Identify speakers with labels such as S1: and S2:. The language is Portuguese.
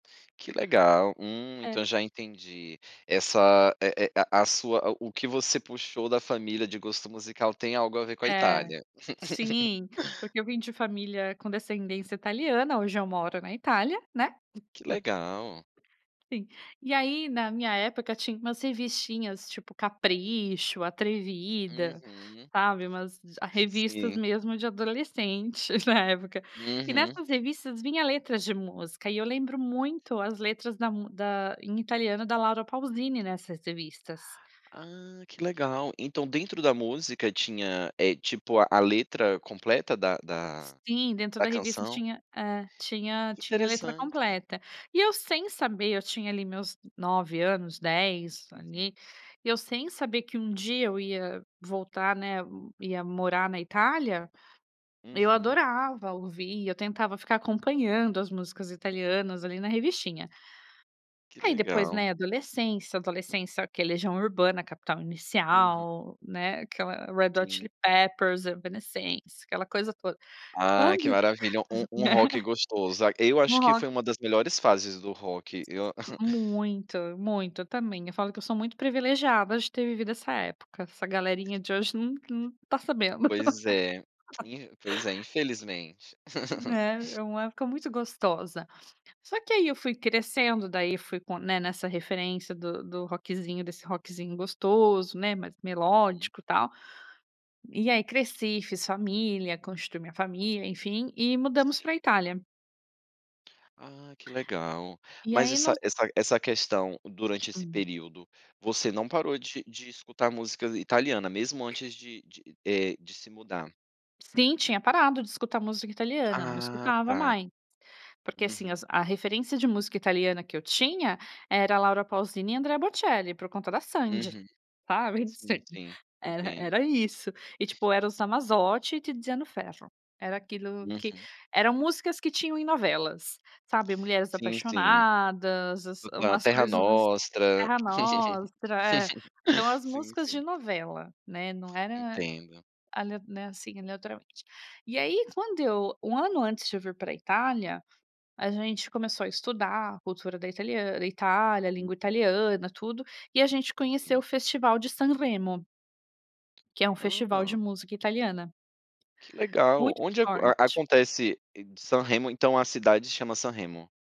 S1: Que legal. Hum, então,
S2: É.
S1: já, entendi essa, é é a a sua, o o que você puxou da família de gosto musical, tem algo a ver com a
S2: É.
S1: Itália.
S2: Sim. Porque eu vim de família com descendência italiana, hoje eu moro na Itália, né.
S1: Que legal.
S2: [unintelligible] Sim. E aí, na minha época, tinha umas revistinhas, tipo, "Capricho", "Atrevida",
S1: Uhum.
S2: sabe, umas ah, revistas,
S1: Sim.
S2: mesmo, de adolescentes, na época. E,
S1: Uhum.
S2: nessas revistas, vinha letras de música. E, eu lembro muito as letras da mã da em italiano, da Laura Pauzini, nessas revistas.
S1: Ah, que legal. Então, dentro da música tinha, eh, tipo, a letra completa da da
S2: Sim. Dentro
S1: da
S2: da revista
S1: canção?
S2: tinha é, tinha
S1: Que
S2: tinha a letra
S1: interessante.
S2: completa. E, eu sem saber, eu tinha ali meus 9 anos, 10,
S1: Uhum.
S2: ali. E, eu sem saber que um dia eu ia voltar, né, ia morar na Itália, eu
S1: Uhum.
S2: adorava ouvir, eu tentava ficar acompanhando as músicas italianas, ali, na revistinha.
S1: Que
S2: Aí, depois,
S1: legal.
S2: né, adolescência. Adolescência quer "Legião Urbana", "Capital
S1: Uhum.
S2: Inicial", né, aquela "Red Hot
S1: Sim.
S2: Chili Peppers", "Evanescence", aquela coisa toda.
S1: Ai,
S2: Quando
S1: que maravilha. Um um
S2: né.
S1: rock gostoso. Ah, eu acho
S2: Um
S1: que
S2: rock
S1: foi uma das melhores fases do rock. Eu
S2: Muito. Muito. Eu, também. Eu falo que eu sou muito privilegiada de ter vivido essa época. Essa galerinha de hoje, não não tá sabendo.
S1: Pois é, in pois é, infelizmente.
S2: Né. É uma época muito gostosa. Só, que, aí, eu fui crescendo, daí, fui com né, nessa referência do do rockzinho desse rockzinho gostoso, né, mais
S1: Uhum.
S2: melódico, tal. E, aí cresci, fiz família, constitui minha família, enfim. E, mudamos
S1: Sim.
S2: para a Itália.
S1: Ah, que legal.
S2: E,
S1: Mas,
S2: aí
S1: essa
S2: nós
S1: essa essa questão, durante esse
S2: Hum.
S1: período, você não parou de de escutar música italiana, mesmo, antes de de, eh, de se mudar.
S2: Sim, tinha parado de escutar música italiana. Não
S1: Ah,
S2: escutava
S1: tá.
S2: mai porque, assim,
S1: Uhum.
S2: as a referência de música italiana que eu tinha, era "Laura Pauzini" e "Andrea Bocelli", por conta da Sandy.
S1: Uhum.
S2: Sabe, em
S1: Sim,
S2: sede.
S1: sim.
S2: Era
S1: Entendo.
S2: era isso. E, tipo, "Eros Ramazzotti" e "Tiziano Ferro". Era aquilo que
S1: Uhum.
S2: eram músicas que tinham em novelas, sabe. "Mulheres
S1: Sim, sim.
S2: Apaixonadas", as
S1: No na
S2: umas
S1: "Terra
S2: coisas ass
S1: Nostra".
S2: "Terra Nostra", é. Então, as
S1: Sim,
S2: músicas de
S1: sim.
S2: novela, né, não era
S1: Entendo.
S2: ale assim, aleatoriamente. E, aí, quando eu 1 ano antes de eu vir para a Itália, a gente começou a estudar a cultura da italian da Itália, a língua
S1: Uhum.
S2: italiana, tudo, e a gente conheceu o
S1: Sim.
S2: festival de Sanremo. Que é um festival de
S1: Hã.
S2: música italiana.
S1: Que legal.
S2: muito
S1: Onde aco
S2: forte.
S1: acontece Sanremo, então, a cidade se chama Sanremo?